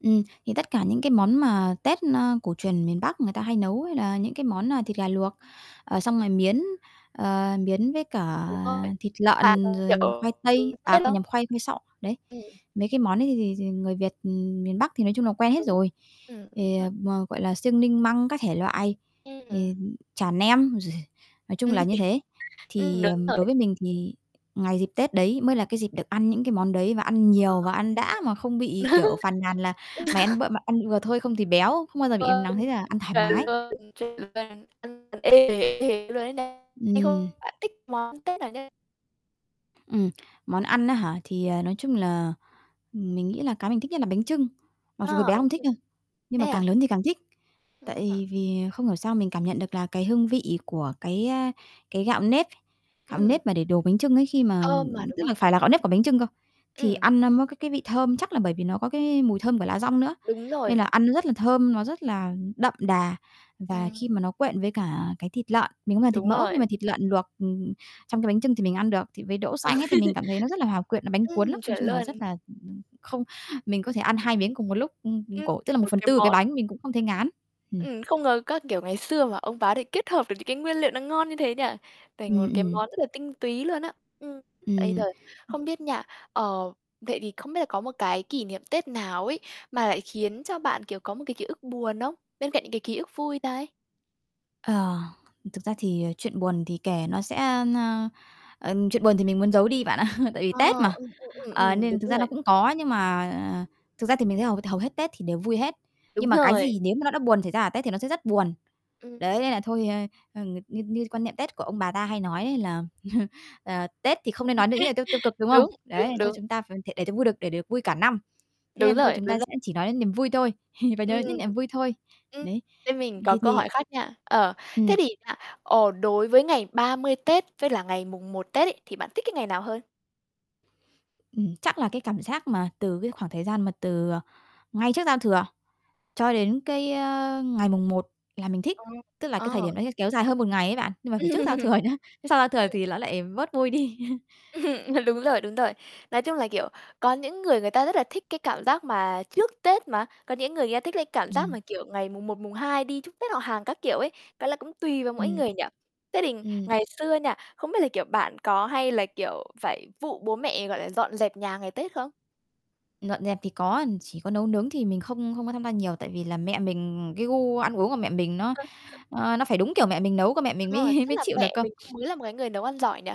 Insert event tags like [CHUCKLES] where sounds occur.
Ừm, thì tất cả những cái món mà Tết, ơ, cổ truyền miền Bắc người ta hay nấu, hay là những cái món, ờ, thịt gà luộc, ờ, xong rồi miến, ờ, miến với cả Đúng rồi, thịt lợn [UNINTELLIGIBLE] rồi khoai kiểu tây, à, khoai nhầm, [UNINTELLIGIBLE] khoai khoai sọ, đấy. Ừm. Mấy cái món ấy thì thì thì người Việt, ừm, miền Bắc thì nói chung là quen hết Đúng, rồi. ừm, đúng Thì, vậy. ờ, m gọi là, xương ninh măng các thể loại thì [UNINTELLIGIBLE] chả nem, nói chung là như thế. [UNINTELLIGIBLE] Ừm, Thì, đúng ờm, đối rồi. với mình thì ngày dịp Tết đấy mới là cái dịp được ăn những cái món đấy và ăn nhiều và ăn đã mà không bị, [UNINTELLIGIBLE] kiểu, phàn nàn là "Mày ăn b [LAUGHS] m ăn vừa thôi không thì béo", không bao giờ bị, ừm, nắng thế [UNINTELLIGIBLE] Bạn cả, ăn thoải mái. Ừm. thích món Tết nào nhất? Ừm, món ăn á hả? Thì, ờ, nói chung là mình nghĩ là cái mình thích nhất là bánh chưng, mặc dù hồi À, bé bánh không thích chưng. đâu nhưng Thế mà à? càng lớn thì càng thích. Ừm. Tại vì không hiểu sao mình cảm nhận được là cái hương vị của cái, a, cái gạo nếp, gạo Ừm. nếp mà để đồ bánh chưng ấy khi mà Thơm mà, ưm, đúng tức là không? phải là gạo nếp của bánh chưng cơ, thì Ừm. ăn nó mới có cái vị thơm, chắc là bởi vì nó có cái mùi thơm của lá dong nữa. Đúng Nên là rồi. ăn nó rất là thơm, nó rất là đậm đà và Ừm. khi mà nó quện với cả cái thịt lợn, mình không làm thịt Đúng mỡ nhưng mà rồi. thịt lợn luộc, ừm, ừ, trong cái bánh chưng thì mình ăn được, thì với đỗ xanh ấy thì mình [LAUGHS] cảm thấy nó rất là hòa quyện, nó bánh Ừm, cuốn lắm. Nói chuẩn chung là luôn. rất là không, mình có thể ăn 2 miếng cùng một lúc, ừm, ừm, Ưm, cổ, tức là một một phần cái tư cái món bánh mình cũng không thấy ngán. Ừm. Ừm, không ngờ các, kiểu, ngày xưa mà ông bà có thể kết hợp được những cái nguyên liệu nó ngon như thế nhỉ? Thành Ừm, một cái ừm. món rất là tinh túy luôn á. Ừm, bây giờ Ừm, ừ. không biết nha, ờ, vậy thì không biết là có một cái kỷ niệm Tết nào ấy mà lại khiến cho bạn, kiểu, có một cái ký ức buồn không? Bên cạnh những cái ký ức vui đây. Ờ, thực ra thì, à, chuyện buồn thì kể nó sẽ ơ, ơ, ờ, chuyện buồn thì mình muốn giấu đi bạn ạ, tại vì À, Tết mà. ừ, ừ, ừm, Ờ, ừm, nên thực đúng ra nó rồi. cũng có nhưng mà thực ra thì mình thấy hầu hầu hết Tết thì đều vui hết. Đúng Nhưng mà cái rồi. gì nếu mà nó đã buồn xảy ra ở Tết thì nó sẽ rất buồn. Ừm. Đấy, nên là thôi, ơ, ờ, ng như như quan niệm Tết của ông bà ta hay nói đấy là, [CHUCKLES] ờ, "Tết thì không nên nói [LAUGHS] những lời tiêu tiêu cực", đúng không? Đúng, Đấy, đúng, thôi đúng. chúng ta ph để cho vui được để được vui cả năm. Thế Đúng nên thôi rồi, chúng đúng ta rồi. sẽ chỉ nói đến niềm vui thôi, [CHUCKLES] và nhớ Ừm, đến những niềm vui thôi. ừm. Đấy. Bên mình có Thì câu thì hỏi khác nha. Ờ, thế Ừm. thì nha, ờ, đối với ngày 30 Tết với là ngày mùng 1 Tết ấy, thì bạn thích cái ngày nào hơn? Ừm, chắc là cái cảm giác mà từ cái khoảng thời gian mà từ, ờ, ngay trước giao thừa cho đến cái, ơ, ngày Mùng 1 là mình thích, Ờ, tức là cái thời ờ. điểm đấy sẽ kéo dài hơn 1 ngày ấy bạn. Nhưng mà phải trước giao thừa [LAUGHS] nhé, chứ sau giao thừa Ừm. thì ló lại bớt vui đi. [CHUCKLES] [CHUCKLES] Ờ, đúng rồi, đúng rồi. Nói chung là, kiểu, có những người người ta rất là thích cái cảm giác mà trước tết mà, có những người, người ta thích cái cảm giác Ừm. mà, kiểu, ngày Mùng 1, Mùng 2 đi chúc tết họ hàng các kiểu ấy, cái là cũng tùy vào mỗi Ừm. người nhỉ. Thế thì Ừm. ngày xưa nha, không biết là, kiểu, bạn có hay là, kiểu, phải vụ bố mẹ, gọi là, dọn dẹp nhà ngày Tết không? Dọn dẹp thì có, chỉ có nấu nướng thì mình không không có tham gia nhiều, tại vì là mẹ mình, cái gu ăn uống của mẹ mình nó, [UNINTELLIGIBLE] ơ, nó phải đúng kiểu mẹ mình nấu cơ mẹ Đúng mình rồi, mới tức mới là chịu được mẹ cơ. mình cũng mới là một cái người nấu ăn giỏi nhỉ?